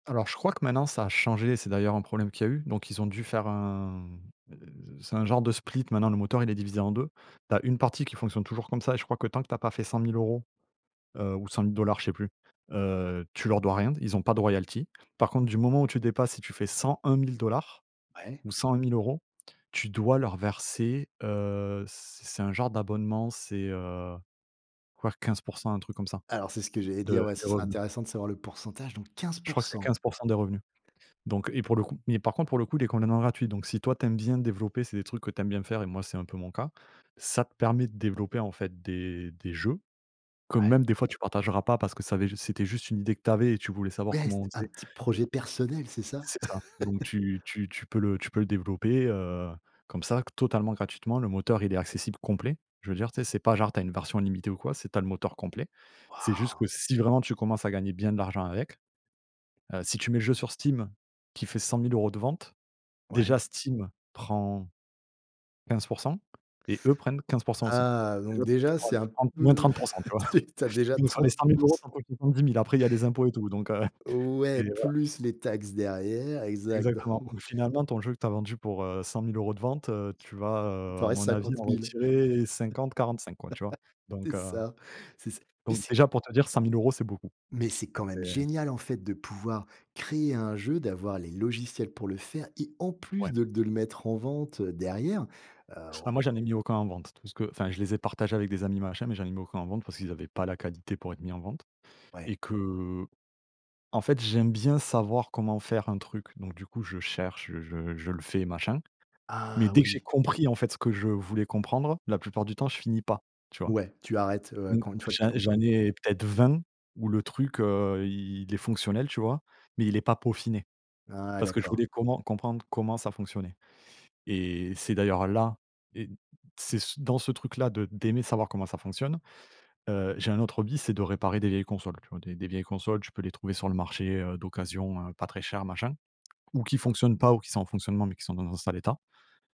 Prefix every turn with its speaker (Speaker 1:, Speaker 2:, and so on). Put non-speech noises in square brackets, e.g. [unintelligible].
Speaker 1: Alors, je crois que maintenant ça a changé et c'est d'ailleurs un problème qu'il y a eu donc ils ont dû faire un, heu, c'est un genre de split, maintenant le moteur il est divisé en 2. Tu as 1 partie qui fonctionne toujours comme ça et je crois que tant que tu n'as pas fait 100 000 € ou 100 000 $, je sais plus, heu, tu leur dois rien. Ils ont pas de royalties. Par contre, du moment où tu dépasses, si tu fais 101 000 $
Speaker 2: Ouais.
Speaker 1: ou 101 000 €, tu dois leur verser, heu, c'est c'est un genre d'abonnement, c'est, heu, voir 15 % un truc comme ça,
Speaker 2: Alors c'est ce que j'allais
Speaker 1: de
Speaker 2: dire, ouais, ce
Speaker 1: des
Speaker 2: serait
Speaker 1: revenus.
Speaker 2: intéressant de savoir le pourcentage, donc quinze
Speaker 1: Je
Speaker 2: pour
Speaker 1: crois que c'est
Speaker 2: cent!
Speaker 1: 15 % des revenus. Donc et pour le coup mais par contre pour le coup, il est complètement gratuit, donc si toi tu aimes bien développer, c'est des trucs que tu aimes bien faire et moi c'est un peu mon cas, ça te permet de développer en fait des des jeux que
Speaker 2: Ouais.
Speaker 1: même des fois tu partageras pas parce que ça avait c'était juste une idée que tu avais et tu voulais savoir
Speaker 2: Ouais, c
Speaker 1: comment on
Speaker 2: un
Speaker 1: faisait.
Speaker 2: petit projet personnel, c'est ça?
Speaker 1: C'est ça, donc
Speaker 2: [chuckles]
Speaker 1: tu tu tu peux le tu peux le développer, heu, comme ça totalement gratuitement. Le moteur, il est accessible complet. Je veux dire, tu sais, c'est pas genre, tu as une version limitée ou quoi, c'est tu as le moteur complet. C'est juste
Speaker 2: Wouah!
Speaker 1: que si vraiment tu commences à gagner bien de l'argent avec, heu, si tu mets le jeu sur Steam qui fait 100 000 € de vente,
Speaker 2: Ouais.
Speaker 1: déjà Steam prend 15 % et eux prennent 15 %, aussi.
Speaker 2: Ah!
Speaker 1: Donc déjà,
Speaker 2: Donc
Speaker 1: tu
Speaker 2: déjà,
Speaker 1: prends
Speaker 2: c'est
Speaker 1: tu
Speaker 2: un
Speaker 1: prends moins
Speaker 2: peu
Speaker 1: trente pour cent, tu
Speaker 2: [chuckles] s
Speaker 1: vois?
Speaker 2: t tu as déjà
Speaker 1: Donc sur les
Speaker 2: trente
Speaker 1: cent mille
Speaker 2: pour
Speaker 1: euros,
Speaker 2: ce
Speaker 1: tu en comptes [unintelligible] 10 000, après il y a les impôts et tout, donc heu, c'est
Speaker 2: Ouais
Speaker 1: voilà.
Speaker 2: plus les taxes derrière, exact donc
Speaker 1: Exactement ou
Speaker 2: [chuckles]
Speaker 1: finalement ton jeu que tu as vendu pour, heu, 100 000 € de vente, heu, tu vas,
Speaker 2: Il
Speaker 1: heu,
Speaker 2: t'en
Speaker 1: à
Speaker 2: reste
Speaker 1: mon avis en
Speaker 2: 50 000.
Speaker 1: retirer 50-45 quoi, tu vois?
Speaker 2: [laughs] C'est
Speaker 1: Donc heu
Speaker 2: ça, c'est ça. Mais
Speaker 1: donc
Speaker 2: c'est
Speaker 1: déjà pour te dire 100 000 € c'est beaucoup
Speaker 2: mais c'est quand
Speaker 1: et
Speaker 2: même génial en fait de pouvoir créer un jeu, d'avoir les logiciels pour le faire et en
Speaker 1: Ouais.
Speaker 2: plus de de le mettre en vente derrière, heu
Speaker 1: Ah moi j'en ai mis aucun en vente. Tout ce que enfin je les ai partagés avec des amis machin, mais j'en ai mis aucun en vente parce qu'ils avaient pas la qualité pour être mis en vente
Speaker 2: Ouais.
Speaker 1: et que en fait j'aime bien savoir comment faire un truc, donc du coup je cherche, je je je le fais machin. Mais
Speaker 2: Ah
Speaker 1: dès que j'ai
Speaker 2: oui.
Speaker 1: compris en fait, ce que je voulais comprendre, la plupart du temps je finis pas, tu vois?
Speaker 2: Ouais, tu arrêtes, ouais,
Speaker 1: Mmh.
Speaker 2: quand une fois que tu as
Speaker 1: J'en j'en
Speaker 2: compris.
Speaker 1: ai peut-être 20 où le truc, heu, il il est fonctionnel, tu vois? Mais il est pas peaufiné
Speaker 2: Ah
Speaker 1: parce que je
Speaker 2: d'accord.
Speaker 1: voulais comment comprendre comment ça fonctionnait et c'est d'ailleurs là et c'est c dans ce truc là de d'aimer savoir comment ça fonctionne, heu, j'ai un autre hobby, c'est de réparer des vieilles consoles. Tu vois des des vieilles consoles, tu peux les trouver sur le marché, heu, d'occasion, heu, pas très cher machin ou qui fonctionnent pas ou qui sont en fonctionnement, mais qui sont dans un sale état.